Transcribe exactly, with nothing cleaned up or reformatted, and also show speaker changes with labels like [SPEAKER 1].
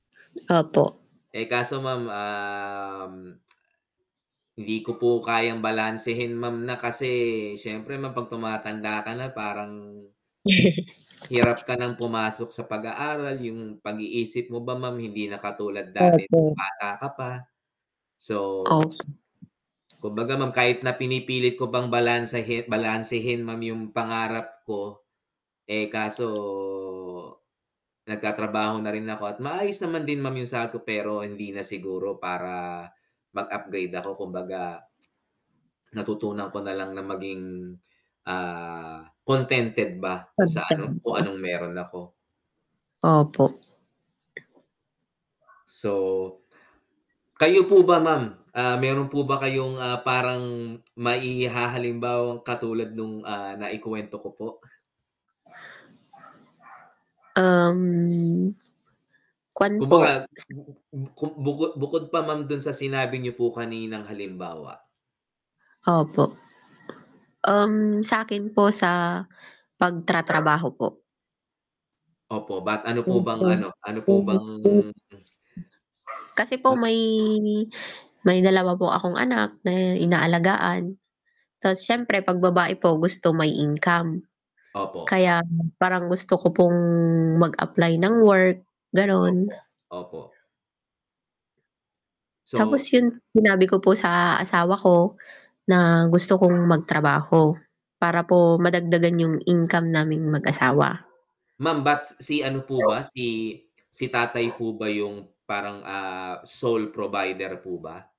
[SPEAKER 1] Opo.
[SPEAKER 2] Eh, kaso Ma'am um hindi ko po kayang balansehin Ma'am na, kasi siyempre Ma'am 'pag tumatanda ka na parang
[SPEAKER 1] Yes.
[SPEAKER 2] hirap ka ng pumasok sa pag-aaral, yung pag-iisip mo ba Ma'am hindi na katulad dati,
[SPEAKER 1] Opo.
[SPEAKER 2] nung bata ka pa. So
[SPEAKER 1] Opo.
[SPEAKER 2] kumbaga, Ma'am kahit na pinipilit ko pang balansehin balansehin Ma'am yung pangarap ko. Eh, kaso nagtatrabaho na rin ako, at maayos naman din Ma'am yung sahod ko, pero hindi na siguro para, mag-upgrade ako kumbaga, natutunan ko na lang na maging, ah, contented ba kung sa kung
[SPEAKER 1] Kontento.
[SPEAKER 2] anong meron ako.
[SPEAKER 1] Opo.
[SPEAKER 2] So, kayo po ba Ma'am, ah, meron po ba kayong, ah, parang mai-hahalimbawang katulad nung ah, naikuwento ko po?
[SPEAKER 1] Uhm, Kuwan po,
[SPEAKER 2] Kumbaga
[SPEAKER 1] s
[SPEAKER 2] [unintelligible] bukod bukod pa Ma'am dun sa sinabi niyo po kaninang halimbawa?
[SPEAKER 1] Opo. Um, sa 'kin po sa pagtratrabaho po.
[SPEAKER 2] Opo, ba't ano po bang ano, ano po bang
[SPEAKER 1] [unintelligible] Kasi po
[SPEAKER 2] Hmm.
[SPEAKER 1] may may dalawa po akong anak na inaalagaan. Tas siyempre, 'pag babae po gusto may income.
[SPEAKER 2] Opo.
[SPEAKER 1] Kaya, parang gusto ko pong mag-apply ng work, ganun.
[SPEAKER 2] Opo, opo.
[SPEAKER 1] Tapos
[SPEAKER 2] So
[SPEAKER 1] yun, sinabi ko po sa asawa ko na gusto kong magtrabaho. Para po madagdagan yung income naming mag-asawa.
[SPEAKER 2] Ma'am ba't si ano po ba, si si tatay po ba yung parang, ah, sole provider po ba?